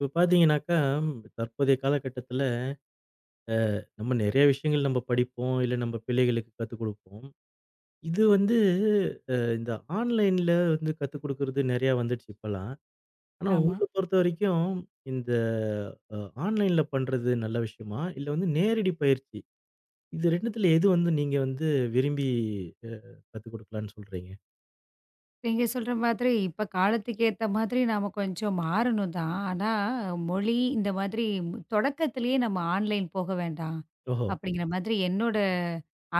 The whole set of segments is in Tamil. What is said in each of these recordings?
இப்ப பார்த்தீங்கன்னாக்க தற்போதைய காலகட்டத்துல அ நம்ம நிறைய விஷயங்கள் நம்ம படிப்போம். இல்ல நம்ம பிள்ளைகளுக்குக் கத்துக்கொடுப்போம். இது வந்து அ இந்த ஆன்லைன்ல வந்து கத்துக்கொடுக்கிறது நெறைய வந்துருச்சி இப்பல்லாம். ஆனா ஆமா. உங்கள பொறுத்தவரைக்கும் இந்த அ ஆன்லைன்ல பண்றது நல்ல விஷயமா இல்ல வந்து நேரடி பயிற்சி, இது 2 த்துல எது வந்து நீங்க வந்து விரும்பி அ கத்துக்கொடுக்கலான்னு சொல்றீங்க? நீங்கச் சொல்ற மாதிரி இப்ப காலத்துக்கு ஏத்த மாதிரி நாம கொஞ்சம் மாறணும் தான். ஆனா மொழி இந்த மாதிரி தொடக்கத்திலேயே நாம ஆன்லைன் போக வேண்டாம், ஓஹோ! அப்பிடிங்கிற மாதிரி என்னோட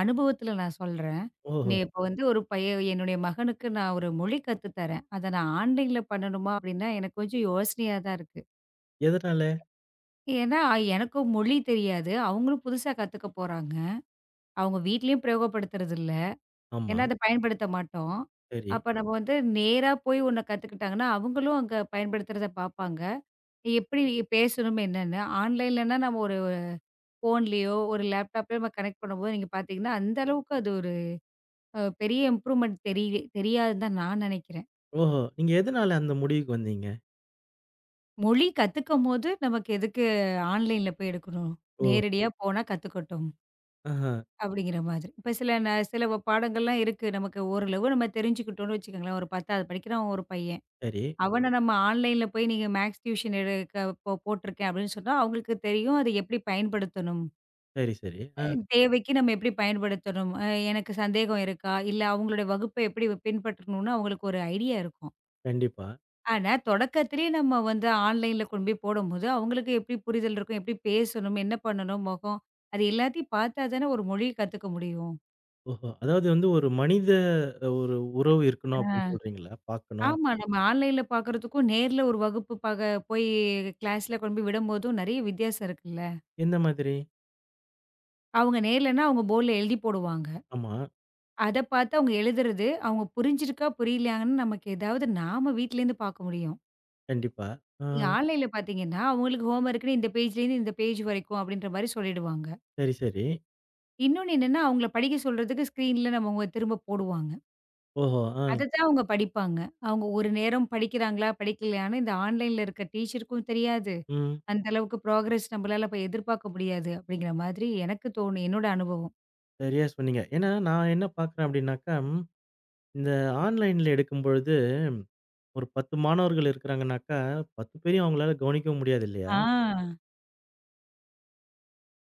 அனுபவத்துல நான் சொல்றேன். நீ ஓஹோ! இப்ப வந்து ஒரு பையன் என்னுடைய மகனுக்கு நான் ஒரு மொழி கத்து தரேன். அத நான் ஆன்லைன்ல பண்ணனுமா! அப்பிடின்னா எனக்குக் கொஞ்சம் யோசனையா தான் இருக்கு. எதனால? ஏன்னா, எனக்கு மொழி தெரியாது. அவுங்களும் புதுசா கத்துக்கப்போறாங்க. அவுங்க வீட்டிலும் பிரயோகப்படுத்துறது இல்ல. ஏன்னா ஆமா. அத பயன்படுத்த மாட்டோம். சரி. அப்போ நாம வந்து நேரா போய் உன்ன கத்துக்கிட்டாங்கன்னா, அவுங்களும் அங்க பயன்படுத்துறத பாப்பாங்க. எ எப்பிடி பேசணும் என்னன்னு ஆன்லைன்ல நாம ஒரு, அ ஃபோன்லயோ! ஒருலேப்டாப்லயோ! நம்ம கனெக்ட் பண்ணும் போது நீங்கப் பாத்தீங்கன்னா, அந்த அளவுக்கு அது ஒரு அ பெரிய இம்ப்ரூவ்மெண்ட் தெரியவே தெரியாதுன்னு தான் நான் நினைக்கிறேன். ஓஹோ. நீங்க எதனால அந்த முடிவுக்கு வந்தீங்க? மொழி கத்துக்கும்போது நமக்கு எதுக்கு ஆன்லைன்ல போய் எடுக்கணும்? ஓ. நேரடியா போனா கத்துக்கட்டும். ஆஹா. அப்படிங்கற மாதிரி. இப்ப சில சில பாடங்கள் எல்லாம் இருக்கு. நமக்கு ஓரளவு நாம தெரிஞ்சுக்கிட்டோம்னு வச்சுக்கோங்களேன், ஒரு 10வது படிக்கிறன் ஒரு பையன், சரி. அவன நம்ம ஆன்லைன்ல போயி நீங்க மேக்ஸ் டியூஷன் எடுக் போ போட்ருக்கேன் அப்படின்னு சொன்னா அவங்களுக்கு தெரியும் அத எப்படி பயன்படுத்தணும். சரி, சரி. அ ஆ. தேவைக்கு நாம எப்படி பயன்படுத்தணும், அ எனக்குச் சந்தேகம் இருக்கா, இல்ல அவங்களோட வகுப்ப எப்படி பின்பற்றணும்னு அவங்களுக்கு ஒரு ஐடியா இருக்கும். கண்டிப்பா. ஆனா தொடக்கத்திலேயே நம்ம வந்து ஆன்லைன்ல கொண்டுபோய் போடும்போது, அவங்களுக்கு எப்படி புரிதல் இருக்கும், எப்படி பேசணும், என்ன பண்ணனும், முகம் அது எல்லாத்தையும் பாத்தா தான் ஒரு மொழி கத்துக்க முடியும். ஓஹோ. அதாவது வந்து ஒரு மனித ஒரு உறவு அ. இருக்கணும் அப்படின்னு சொல்றீங்கல? பாக்கணும் ஆமா நம்ம ஆன்லைன்ல பாக்குறதுக்கும், நேர்ல ஒரு வகுப்பு பாக்க போயி கிளாஸ்ல கொண்டு போய் விடும் போதும் நிறைய வித்தியாசம் இருக்குல்ல. எந்த மாதிரி? அவங்க நேர்லன்னா அவங்க போர்ட்ல எழுதிப் போடுவாங்க. ஆமா. அத பாத்து அவங்க எழுதுறது, அவங்க புரிஞ்சிருக்கா, புரியலையான்னு நமக்கு ஏதாவது நாம வீட்டுல இருந்து பார்க்க முடியும். கண்டிப்பா. நீங்க ஆ. ஆன்லைன்ல பாத்தீங்கன்னா அவங்களுக்கு ஹோம் வோர்க்னு இந்த பேஜ்லந்து இந்த பேஜ் வரைக்கும் அப்படின்ற மாதிரி சொல்லிடுவாங்க. சரி, சரி. இன்னொன்னு என்னன்னா அவங்கள படிக்கச் சொல்றதுக்கு ஸ்கிரீன்ல நம்ம திரும்பப் போடுவாங்க. ஓஹோ. ஆ. அத தான் அவங்க படிப்பாங்க. அவங்க ஒரு நேரம் படிக்கிறாங்களா படிக்கலையானு இந்த ஆன்லைன்ல இருக்கிற டீச்சர்க்கும் தெரியாது. ம். அந்த அளவுக்கு ப்ரோக்ரெஸ் நம்மளால அப்ப எதிர்பார்க்க முடியாது அப்படிங்கற மாதிரி எனக்குத் தோணு என்னோட அனுபவம். சரியா சொன்னீங்க. ஏன்னா நான் என்ன பார்க்கிறேன் அப்படின்னாக்கம் இந்த ஆன்லைன்ல எடுக்கும்பொழுது ஒரு 10 மாணவர்கள் இருக்கிறாங்கன்னாக்க 10 பேரையும் உங்களால கவனிக்க முடியாது இல்லையா? ஆ.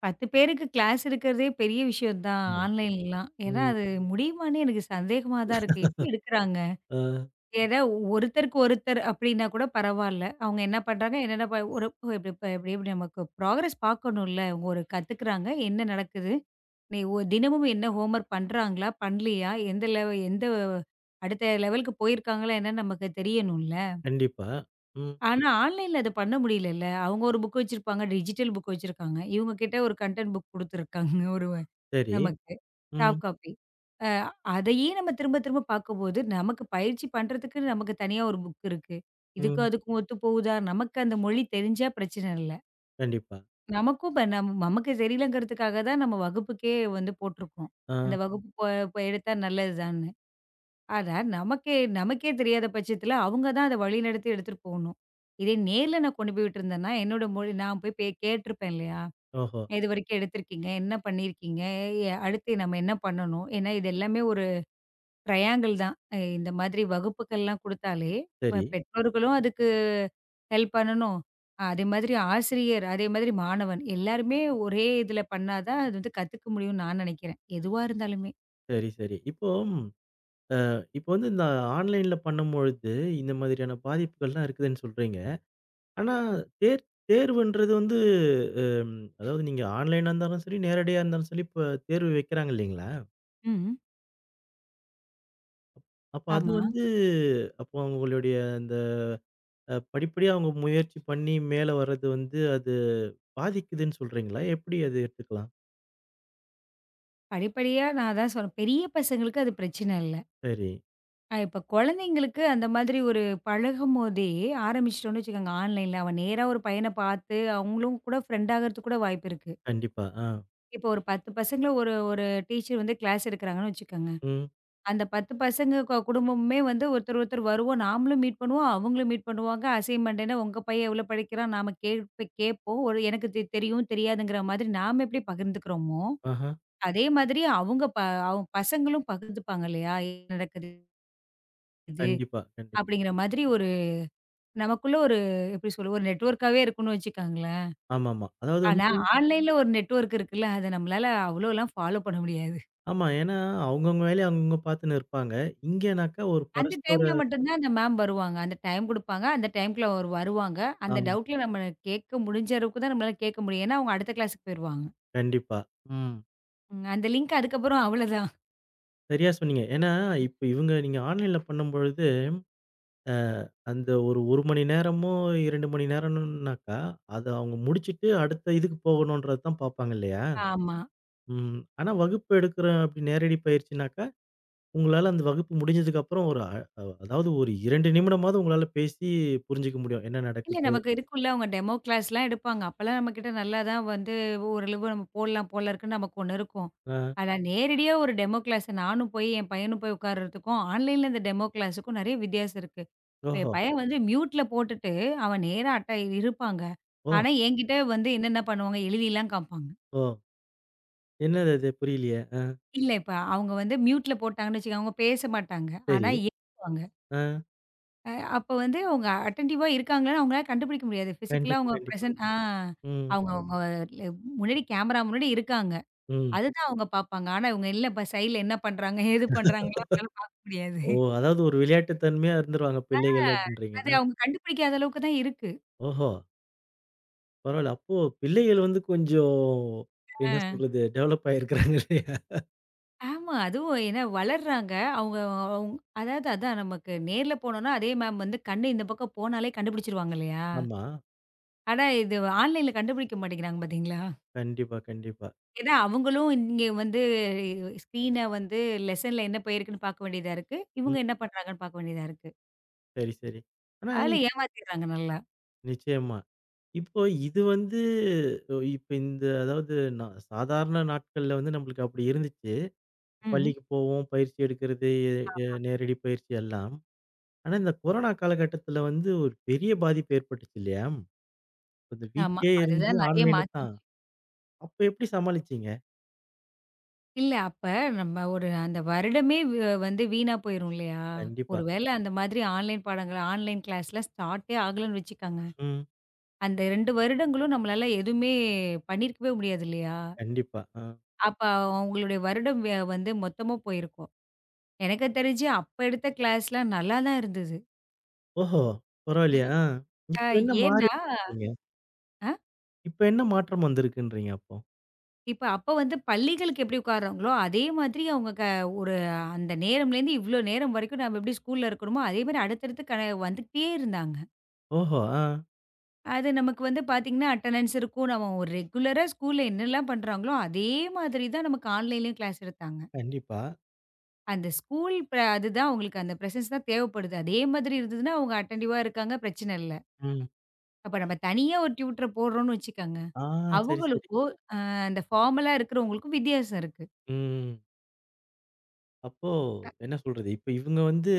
10 பேருக்கு க்ளாஸ் இருக்குறதே பெரிய விஷயம் தான். ம். ஆன்லைன்லலாம். ஏன்னா ம். அது முடியுமான்னு எனக்குச் சந்தேகமா தான் இருக்கு. எப்படி எடுக்குறாங்க. ஆ. எதா ஒருத்தருக்கு ஒருத்தர் அப்படின்னா கூடப் பரவாயில்ல. அவங்க என்ன பண்றாங்க, என்ன [unintelligible] இப்படி நமக்கு ப்ரோக்ரெஸ் பாக்கணும் இல்ல. ஒரு கத்துக்கிறாங்க. என்ன நடக்குது? நி ஒ தினமும் என்ன ஹோம் வோர்க் பண்றாங்களா? பண்ணலையா? எந்த லெவ எந்த அடுத்த லெவல்க்கு போயிருக்காங்களா? என்ன நமக்குத் தெரியணும்ல. கண்டிப்பா. ம். ஆனா ஆன்லைன்ல அத பண்ண முடியலல்ல. அவங்க ஒரு புக் வச்சிருப்பாங்க. டிஜிட்டல் புக் வச்சிருக்காங்க. இவங்க கிட்ட ஒரு கன்டென்ட் புக் குடுத்துருக்காங்க. ஒரு சரி. நமக்கு ம். Soft coffee. அ அதையே நாம திரும்பத் திரும்பப் பார்க்கும்போது, நமக்கு பயிற்சி பண்றதுக்கு நமக்குத் தனியா ஒரு புக் இருக்கு. இதுக்கும் ம். அதுக்கும் ஒத்துப்போகுதா? நமக்கு அந்த மொழி தெரிஞ்சா பிரச்சனை இல்ல. கண்டிப்பா. நமக்கும் [unintelligible] நமக்கு சரியில்லங்கறதுக்காகத் தான் நம்ம வகுப்புக்கே வந்து போட்டிருக்கோம். அந்த ஆ. வகுப்பு போ எடுத்தா நல்லதுதான்னு. ஆனா நமக்கே நமக்கே தெரியாத பட்சத்துல அவங்க தான் அத வழிநடத்தி எடுத்துட்டு போகணும். இத நேர்ல நான் கொண்டு போய் விட்டுருந்தேன்னா, என்னோட மொழி நான் போய்க் கேட்டு இருப்பேன் இல்லையா? ஓஹோ. இதுவரைக்கும் எடுத்து இருக்கீங்க. என்ன பண்ணி இருக்கீங்க? அடுத்து நாம என்ன பண்ணணும்? ஏன்னா இது எல்லாமே ஒரு ட்ரையாங்கிள் தான். இந்த மாதிரி வகுப்புகள் எல்லாம் கொடுத்தாலே, சரி. பெற்றோர்களும் அதுக்கு ஹெல்ப் பண்ணனும். அதே மாதிரி ஆசிரியர் அதே மாதிரி மாணவன் எல்லாருமே ஒரே இதுல பண்ணா தான் அது வந்து கத்துக்க முடியும்னு நான் நெனைக்கிறேன். எதுவா இருந்தாலுமே. சரி, சரி. இப்போ அஹ் இப்ப வந்து இந்த ஆன்லைன்ல பண்ணும்பொழுது இந்த மாதிரியான பாதிப்புகள் எல்லாம் இருக்குதுன்னு சொல்றீங்க. ஆனா தேர்- தேர்வுன்றது வந்து அஹ் அதாவது நீங்க ஆன்லைனா இருந்தாலும் சரி, நேரடியா இருந்தாலும் சரி இப்ப தேர்வு வைக்கிறாங்க இல்லீங்களா? ம். அப்ப அது ஆமா. வந்து, அப்ப உங்களோடய அந்தப் படிப்படியா உங்கள முயற்சி பண்ணி மேல வர்றது வந்து அது பாதிக்குதுன்னு சொல்றீங்களா? எப்டி அது எடுத்துக்கலாம்? படிப்படியா? நான் அதான் சொல்றேன் பெரிய பசங்களுக்கு அது பிரச்சன இல்ல. சரி. அ இப்ப கொழந்தைகளுக்கு அந்த மாதிரி ஒரு பழகும் போதே ஆரம்பிச்சுட்டோன்னு வச்சுக்கோங்க, ஆன்லைன்ல. அவன் நேரா ஒரு பையன பாத்து, அவுங்களும் கூட ஃப்ரெண்ட் ஆகுறதுக்கு கூட வாய்ப்பு இருக்கு. கண்டிப்பா, ஆ. இப்போ ஒரு 10 பசங்கள ஒரு ஒரு டீச்சர் வந்து க்ளாஸ் எடுக்குறாங்கன்னு வச்சுக்கங்க. ம். அந்தப் 10 பசங்க கொ குடும்பமுமே வந்து, ஒருத்தர் ஒருத்தர் வருவோம். நாமளும் மீட் பண்ணுவோம். அவுங்களும் மீட் பண்ணுவாங்க. அசைன்மெண்ட் என்னா? உங்க பையன் எவ்ளோ படிக்கிறான்? நாம கேள் ப்ப கேட்போம். எனக்குத் தெ தெரியும், தெரியாதுங்குற மாதிரி நாம எப்டி பகிர்ந்துக்குறமோ! ஆஹ. அதே மாதிரி அவுங்க ப அவுங்க பசங்களும் பகிர்ந்துப்பாங்க இல்லையா? என்னா நடக்கது? இது கண்டிப்பா கண்டிப் அப்டிங்கற மாதிரி ஒரு நமக்குள்ள ஒரு எப்டி சொல்லுவோம் ஒரு நெட்ஒர்க்காவே இருக்குன்னு வச்சுக்கங்களேன். ஆமாம்மா. அதாவது ஆனா வந்து ஆன்லைன்ல ஒரு நெட்ஒர்க் இருக்குல்ல! அத நம்மளால அவ்ளோலாம் ஃபாலோ பண்ண முடியாது. ஆமா. ஏன்னா அவுங்கவுங்க வேலைய, அவுங்கவுங்க பாத்துன்னு இருப்பாங்க. இங்கன்னாக்க ஒரு அந்த பரஸ்பர டைம்ல மட்டும் தான் அந்த மேம் வருவாங்க. அந்த டைம் குடுப்பாங்க. அந்த டைம்க்குள்ள அவரு வருவாங்க. அந்த ஆமா. டவுட்ல நம்ம கேக்க முடிஞ்ச அளவுக்குத் தான், நம்மளால கேக்க முடியும். ஏன்னா அவுங்க அடுத்த க்ளாஸ்க்கு போயிருவாங்க. கண்டிப்பா, ம். அந்த லிங்க் அதுக்கப்புறம் அவ்ளதான். சரியா சொன்னீங்க. ஏன்னா இப்ப இவுங்க நீங்க ஆன்லைன்ல பண்ணம்பொழுது அ அந்த 1- 1 மணி நேரமோ! 2 மணி நேரம்ன்னாக்க அத அவங்க முடிச்சிட்டு அடுத்த இதுக்கு போகணும்ன்றததான் பாப்பாங்க இல்லயா! ஆமா. ம். ஆனா வகுப்பு எடுக்கிற அப்பிடி நேரடி பயிற்சின்னாக்கா, உங்களால அந்த வகுப்பு முடிஞ்சதுக்கு அப்புறம், ஒரு அ அ அதாவது ஒரு 2 நிமிடமாவது உங்களால பேசிப் புரிஞ்சுக்க முடியும். என்ன நடக்குது இல்ல இப்போ? நமக்கு இருக்கும்ல. அவங்க டெமோ கிளாஸ்லாம் எல்லாம் எடுப்பாங்க. அப்பெல்லாம் நம்மகிட்ட நல்லாதான் வந்து ஓரளவு நம்ம போட்லாம் போல இருக்கு. நமக்கு ஒன்னு இருக்கும். ஆ. ஆனா நேரடியா ஒரு டெமோ கிளாஸ் நானும் போய் என் பையனும் போய் உட்கார்றதுக்கும் ஆன்லைன்ல இந்த டெமோ கிளாஸ்க்கும் நெறைய வித்தியாசம் இருக்கு. இப்ப ஓஹோ! என் பையன் வந்து மியூட்ல போட்டுட்டு அவன் நேரா அட்டா இருப்பாங்க. ஓ! ஆனா என்கிட்ட வந்து என்னென்ன பண்ணுவாங்க, எழுதிலாம் காம்பாங்க. ஓ! என்னது அது புரியலயே! அ இல்ல, இப்ப அவுங்க வந்து மியூட்ல போட்டாங்கன்னு வச்சுக்கோங்க. அவுங்க பேசமாட்டாங்க. ஆனா சரி, [unintelligible] வாங்க. அ. அ அப்ப வந்து அவுங்க அட்டென்டிவா இருக்காங்களான்னு அவுங்கனால கண்டுபிடிக்க முடியாது. ஃபிஷிகலா கண்டிப்பா, அவுங்க கண்டிப்பா, பிரெசென்ட் ஆ ம். அவு-அவுங்க உங்க [unintelligible] முன்னாடி கேமரா முன்னாடி இருக்காங்க. ம். அது தான் அவுங்க பாப்பாங்க. ஆனா அவுங்க சைடுல என்ன பண்றாங்க, ஏது பண்றாங்கன்லாம் அவுங்களால பாக்க முடியாது. ஓ! அதாவது ஒரு விளையாட்டுத்தன்மையா இருந்துருவாங்க ஆ பிள்ளைகள் அத அப்பிடின்னுறீங்கன்னா. அவுங்க கண்டுபிடிக்காத அளவுக்கு தான் இருக்கு. ஓஹோ! பரவாயில்ல. அப்போ பிள்ளைகள் வந்து கொஞ்சம் என்ன அ. சொல்றது? டெவெலப் ஆயி இருக்கறாங்க இல்லையா? ஆமா அதுவும் என்ன வளர்றாங்க. அவங்க அதாவது அதான். நமக்கு நேர்ல போனோம்னா, அதே மேம் வந்து கண்ணு இந்த பக்கம் போனாலே, கண்டுபிடிச்சுருவாங்க, இல்லையா? ஆமா. ஆனா இது ஆன்லைன்ல கண்டுபிடிக்க மாட்டேங்கறாங்க, பாத்தீங்களா. கண்டிப்பா, கண்டிப்பா. ஏன்னா அவங்களும் இங்க வந்து, ஸ்கிரீன்னா வந்து லோஷன்ல என்ன போயிருக்குன்னு பாக்க வேண்டியதா இருக்கு, இவங்க ம். என்ன பண்றாங்கன்னு பாக்க வேண்டியதா இருக்கு. சரி, சரி. ஆனா அதுல, ஏமாத்திராங்க நல்லா. நிச்சயமா. இப்போ இது வந்து இப்ப இந்த அதாவது நான் சாதாரண நாட்கள்ல வந்து நமக்கு அப்படி இருந்துச்சு. ம். பள்ளிக்கு போவோம். பயிற்சி எடுக்குறது, ஆமா. நேரடி பயிற்சி எல்லாம். ஆனா இந்த கொரோனா காலகட்டத்தில வந்து, ஒரு பெரிய பாதிப்பு ஏற்பட்டுச்சு இல்லையா? [unintelligible] ஆமா, வீட்லயே இருந்து அதுதான் நறைய ஆன்லைன்ல மாத்திடுச்சு. தான், அப்போ எப்படி சமாளிச்சீங்க? இல்ல அப்ப நம்ம ஒரு அந்த வருடமே வ வந்து வீணா போயிரும் இல்லையா? கண்டிப்பா. ஒருவேளை அந்த மாதிரி ஆன்லைன் பாடங்கள் ஆன்லைன் கிளாஸ் ஸ்டார்ட்டே ஆகலைன்னு வச்சுக்கோங்க. ம். அந்த 2 வருடங்களும் நம்மளால எதுவுமே பண்ணிருக்கவே முடியாது இல்லையா? கண்டிப்பா. அ. அப்ப அவங்களுடைய வருடம் வந்து மொத்தமா போயிருக்கும். எனக்கு தெரிஞ்சு அப்ப எடுத்த கிளாஸ் எல்லாம் நல்லா தான் இருந்தது. ஓஹோ. பரவாயில்லையே? அ. இப்போ என்ன மாறி ஏன்னா? இருக்கீங்க? அ. இப்ப என்ன மாற்றம் வந்திருக்குன்றீங்க அப்போ? இப்ப அப்ப வந்து பள்ளிகளுக்கு எப்படி உக்காருறாங்களோ அதே மாதிரி அவங்க க ஒரு அந்த நேரம்ல இருந்து இவ்ளோ நேரம் வரைக்கும் நாம எப்படி ஸ்கூல்ல இருக்கணுமோ, அதே மாதிரி அடுத்தடுத்து கனே வந்துகிட்டே இருந்தாங்க. ஓஹோ! அ. அது நமக்கு வந்து பாத்தீங்கன்னா அட்டண்டன்ஸ் இருக்கும். நம்ம ஒரு ரெகுலரா ஸ்கூல்ல என்னல்லாம் பண்றாங்களோ, அதே மாதிரி தான் நமக்கு ஆன்லைன்லயும் கிளாஸ் எடுத்தாங்க. கண்டிப்பா. அந்த ஸ்கூல் பிர அது தான் உங்களுக்கு அந்த பிரசன்ஸ் தான் தேவைப்படுது. அதே மாதிரி இருந்ததுன்னா அவங்க அட்டென்டிவ்வா இருக்காங்க. பிரச்சனை இல்ல. ம். அப்போ நாம தனியா ஒரு டியூட்டர போடுறோம்னு வச்சுக்கங்க. ஆ. சரி, சரி. அவங்களுக்கும், அ அந்த ஃபார்மலா இருக்குறவங்களுக்கும் வித்தியாசம் இருக்கு. ம். அப்போ, அ. என்ன சொல்றது? இப்ப இவங்க வந்து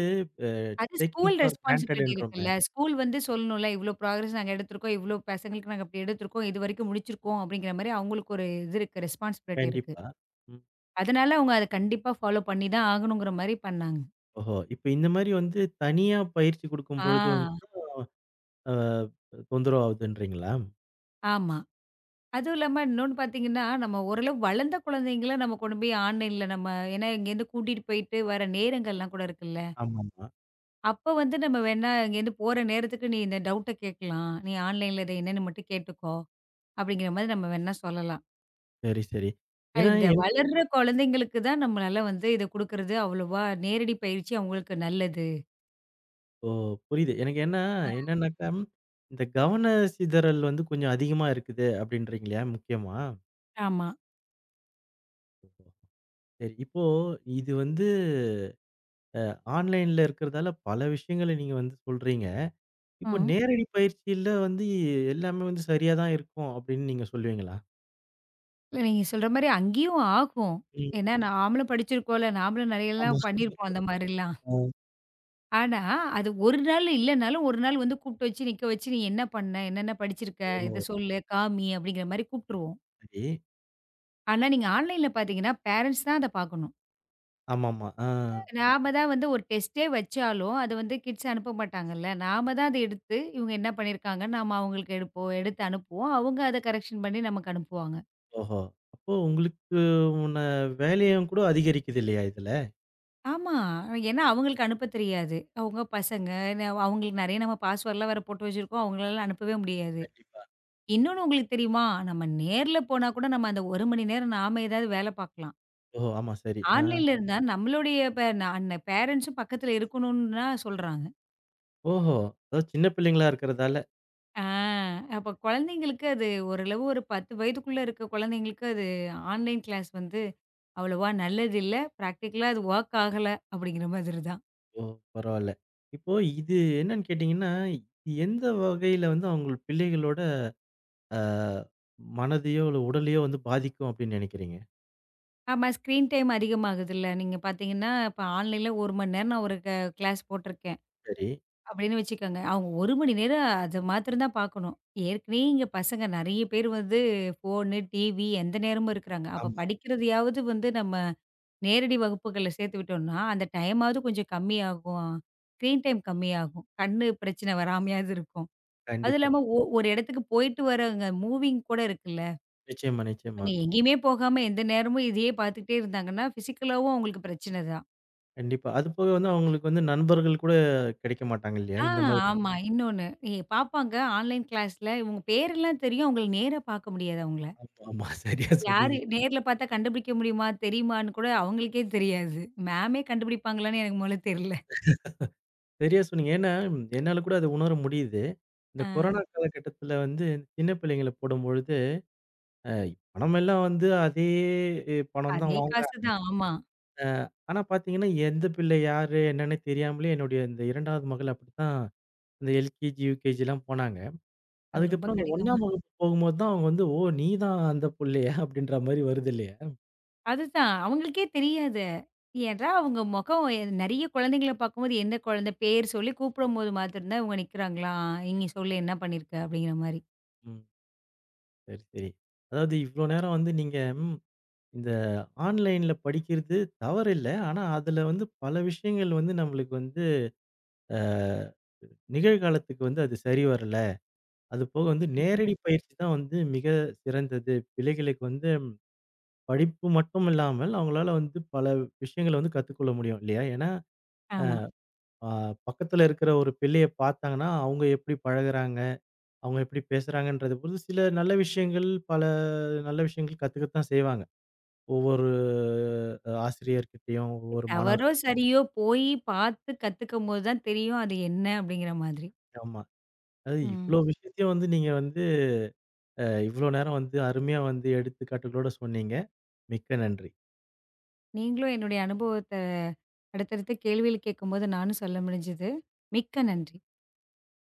அ அது டேக்கிங் ஸ்கூல் ஃபார் ரெஸ்பான்ஸிபிலிட்டி இருக்குல்ல. க்ராண்டட்ன்றோமே? ஸ்கூல் வந்து சொல்லணும்ல. இவ்ளோ பிராக்ரஸ் நாங்க எடுத்துருக்கோம், இவ்ளோ பசங்களுக்கு இப்புடி நாங்க எடுத்துருக்கோம். இதுவரைக்கும் முடிச்சு இருக்கோம் அப்படிங்கற மாதிரி அவங்களுக்கு ஒரு இது ரெஸ்பான்ஸிபிலிட்டி இருக்கு. கண்டிப்பா. ம். அதனால அவங்க அதைக் கண்டிப்பா ஃபாலோ பண்ணி தான் ஆகணும்ங்குற மாதிரி பண்ணாங்க. ஓஹோ! இப்ப இந்த மாதிரி வந்து தனியா பயிற்சி கொடுக்கும் பொழுது ஆ வந்தும், ஆ தொந்தரவு ஆகுதுன்றீங்களா? ஆமா. அதுவும் இல்லாம, இன்னொன்னு பாத்தீங்கன்னா, நம்ம ஓரளவு வளர்ந்த குழந்தைங்கள நம்ம கொண்டு போய் ஆன்லைன்ல நம்ம ஏன்னா இங்க இருந்து கூட்டிட்டு போயிட்டு வர நேரங்கள் எல்லாம் கூட இருக்குல்ல ஆமாமா. அப்போ வந்து நம்ம வேணா இங்க இருந்து போற நேரத்துக்கு, "நீ இந்த டவுட் கேட்கலாம். நீ ஆன்லைன் -ல இத என்னன்னு மட்டும் கேட்டுக்கோ," அப்படிங்கற மாரி நம்ம வேணா சொல்லலாம். செரி, செரி. ஏன்னா, இந்த என் வளர்ற குழந்தைகளுக்கு தான் நம்மனால வந்து இதை குடுக்கறது அவ்வளோவா நேரடி பயிற்சி அவங்களுக்கு நல்லது. ஓ! புரியுது. எனக்கென்ன என்னன்னாக்க, இந்த கவனச்சிதறல் வந்து கொஞ்சம் அதிகமா இருக்குது அப்படின்றீங்களே முக்கியமா? ஆமா. சரி இப்போ இது வந்து ஆன்லைன்ல இருக்கறதால பல விஷயங்கள நீங்க வந்து சொல்றீங்க. இப்போ ஆ. நேரடி பயிற்சியில வந்து எல்லாமே வந்து சரியாதான் இருக்கும் அப்படின்னு நீங்க சொல்வீங்களா? இல்ல, நீங்க சொல்ற மாரி அங்கயும் ஆகும். ம். ஏன்னா, நாமளும் படிச்சி இருக்கோல. நாமளும் நெறைய ஆமா, எல்லாம் பண்ணி இருப்போம். அந்த மாரி எல்லாம். ம். ஆனா, அது ஒரு நாளு இல்லனாலும், ஒரு நாள் வந்து கூட்டு வெச்சு, நிக்க வெச்சு, "நீ என்ன பண்ண? என்னென்ன படிச்சிருக்க? ஓ! இத சொல்லு, காமி," அப்படினு கூப்பிட்டுருவோம். சரி. ஆனா நீங்க ஆன்லைன் ல பாத்தீங்கன்னா பேரண்ட்ஸ் தான் அத பாக்கணும். ஆமாமா. ஆ. நாம தான் வந்து ஒரு டெஸ்ட் ஏ வச்சாலும் அத வந்து கிட்ஸ் அனுப்ப மாட்டாங்கல்ல. நாம தான் வந்து அத எடுத்து இவங்க என்ன பண்ணி இருக்காங்க. நாம அவங்களுக்கு எடுப்போம் எடுத்து அனுப்புவோம். அவங்க அத கரெக்க்ஷன் பண்ணி நமக்கு அனுப்புவாங்க. ஓஹோ. அப்போ உங்களுக்கு உள்ள வேலையும் கூட அதிகரிக்குது இல்லையா இதுல? ஆமா. ஏன்னா அவங்களுக்கு அனுப்ப தெரியாது. அவங்க பசங்க, என் அவ் அவங்களுக்கு நறைய நம்ம பாஸ்வேர்ட் எல்லாம் வேற போட்டு வச்சிருக்கோம். அவங்களால அனுப்பவே முடியாது. கண்டிப்பா. இன்னொன்னு உங்களுக்குத் தெரியுமா? நம்ம நேர்ல போனா கூட நம்ம அந்த 1 மணி நேரம் நாம ஏதாவது வேல பாக்கலாம். ஓ, ஆமா சரி. ஆ. ஆன்லைன்ல இருந்தா நம்மளுடைய பே பேரண்ட்ஸ்ம் பக்கத்துல இருக்கணும்னுலாம் சொல்றாங்க. ஓஹோ. அதாவது சின்னப் பிள்ளைங்களா இருக்கறதால. அ அப்பக் கொழந்தைங்களுக்கு அது ஒரு அளவு. ஒரு 10 வயதுக்குள்ள இருக்க கொழந்தைங்களுக்கு அது ஆன்லைன் கிளாஸ் வந்து அவ்வளவா நல்லதில்ல. ப்ராக்டிக்களா அது வொர்க் ஆகல அப்டிங்கற மாதிரி தான். ஓ பரவாயில்ல. இப்போ இது என்னன்னு கேட்டீங்கன்னா, எந்த வகையில வந்து அவங்க பிள்ளைகளோட அ மனதயோ, உடலயோ வந்து பாதிக்கும் அப்டின்னு நெனைக்கிறீங்க? ஆமா. ஸ்கிரீன் டைம் அதிகமாகுதுல்ல. நீங்கப் பாத்தீங்கன்னா, இப்ப ஆன்லைன்ல 1 மணி நேரம் நான் ஒரு க கிளாஸ் போட்டுருக்கேன் சரி. அப்படின்னு வச்சுக்கோங்க. அவங்க 1 மணி நேரம் அத மாத்திரம் தான் பாக்கணும். ஏற்கனவே இங்க பசங்க நிறைய பேர் வந்து ஃபோனு, TV எந்த நேரமும் இருக்குறாங்க. அப்பப் ஆமா. படிக்கிறதயாவது வந்து நம்ம நேரடி வகுப்புகள்ல சேர்த்துவிட்டோம்னா, அந்த டைமாவது கொஞ்சம் கம்மியாகும். ஸ்கிரீன் டைம் கம்மியாகும். கண்ணு பிரச்சனை வராமயாவது இருக்கும். அது கண்டிப்பா. இல்லாம ஒ ஒரு இடத்துக்குப் போயிட்டு வரவங்க மூவிங்க் கூட இருக்குல்ல. நிச்சயமா, நிச்சயமா. நீ எங்கயுமே போகாம எந்த நேரமும் இதையே பார்த்துக்கிட்டே இருந்தாங்கன்னா, பிசிக்கலாவும் அவங்களுக்கு பிரச்சனை தான். கண்டிப்பா. அதுபோக வந்து அவங்களுக்கு வந்து நண்பர்கள் கூடக் கிடைக்க மாட்டாங்க இல்லையா? ஆ இந்த மாதிரி ஆமா. இன்னொன்னு. இ பாப்பாங்க. ஆன்லைன் கிளாஸ்ல இவங்க பேரெல்லாம் தெரியும். அவுங்கள நேரா பார்க்க முடியாது. அவுங்கள. அப்ப ஆமா. சரியா யாரு? சொன்னீங்க. நேர்ல பாத்தா கண்டுபிடிக்க முடியுமா? தெரியுமான்னு கூட அவங்களுக்கே தெரியாது. மேம்மே கண்டுபிடிப்பாங்களான்னு எனக்கு முதல்ல தெரியல. சரியா சொன்னீங்க. ஏன்னா என்னால கூட அதை உணர முடியுது. இந்தக் கொரோனா அ. காலகட்டத்தில வந்து சின்னப் பிள்ளைங்கள போடும்பொழுது, அ பணம் எல்லாம் வந்து அதே ஏ பணம் தான் அதே காசு வாங்குறாங்க. தான். ஆமா. அ ஆனா பார்த்தீங்கன்னா, எந்தப் பிள்ளை யாரு என்னன்னு தெரியாமலே, என்னுடைய இந்த 2வது மகள் அப்படித்தான். அந்த எல்கேஜி, யுகேஜிலாம் போனாங்க. அது ரொம்ப அதுக்கப்புறம் அந்த கடினமா 1 ஆம் வகுப்பு போகும்போது தான், அவங்க வந்து "ஓ நீதான் அந்தப் புள்ளையா?" அப்படின்ற மாதிரி வருது இல்லையா? அது தான் அவங்களுக்கே தெரியாது. ஏனா அவங்க முகம் நெறைய குழந்தைகளப் பாக்கும்போது எந்த குழந்தை பேர் சொல்லி கூப்பிடும்போது மாத்திரந்தான் இவங்க நிக்கறாங்களா? நீங்கச் சொல்லு என்ன பண்ணி இருக்க? அப்படீங்கற மாதிரி. ம். சரி, சரி. அதாவது இவ்ளோ நேரம் வந்து நீங்க இந்த ஆன்லைன்ல படிக்கிறது தவறில்ல. ஆனா அதுல வந்து பல விஷயங்கள் வந்து நமளுக்கு வந்து ஆ, நிகழ்காலத்துக்கு வந்து அது சரி வரல. அதுபோக வந்து நேரடி பயிற்சி தான் வந்து மிகச் சிறந்தது. பிள்ளைகளுக்கு வந்து படிப்பு மட்டுமில்லாமல், அவங்களால வந்து பல விஷயங்களைக் கத்துக்கொள்ள முடியும். இல்லையா? ஏனா, ஆமா. அ ஆஹ் பக்கத்துல இருக்கிற ஒரு பிள்ளையப் பாத்தாங்கன்னா, அவுங்க எப்படி பழகுறாங்க? அவுங்க எப்படி பேசுறாங்கன்றத புதுசுல சில நல்ல விஷயங்கள், பல நல்ல விஷயங்கள் கத்துக்கதா செய்வாங்க. ஒவ்வொரு ஆசிரியர் கிட்டயும் ஒவ்வொரு மாணவர் தவறோ, சரியோ போய் பாத்து கத்துக்குபோது தான் தெரியும் அது என்ன அப்படிங்கற மாதிரி. ஆமா. அதாவது இவ்ளோ ம். விஷயத்தையும் வந்து நீங்க வந்து, அ இவ்ளோ நேரம் வந்து அருமையா வந்து எடுத்துக் காட்டலோட சொன்னீங்க. மிக்க நன்றி. நீங்களும் என்னுடைய அனுபவத்த அடுத்தடுத்து கேள்வியில் கேக்கும்போது நானும் சொல்ல முடிஞ்சுது. மிக்க நன்றி.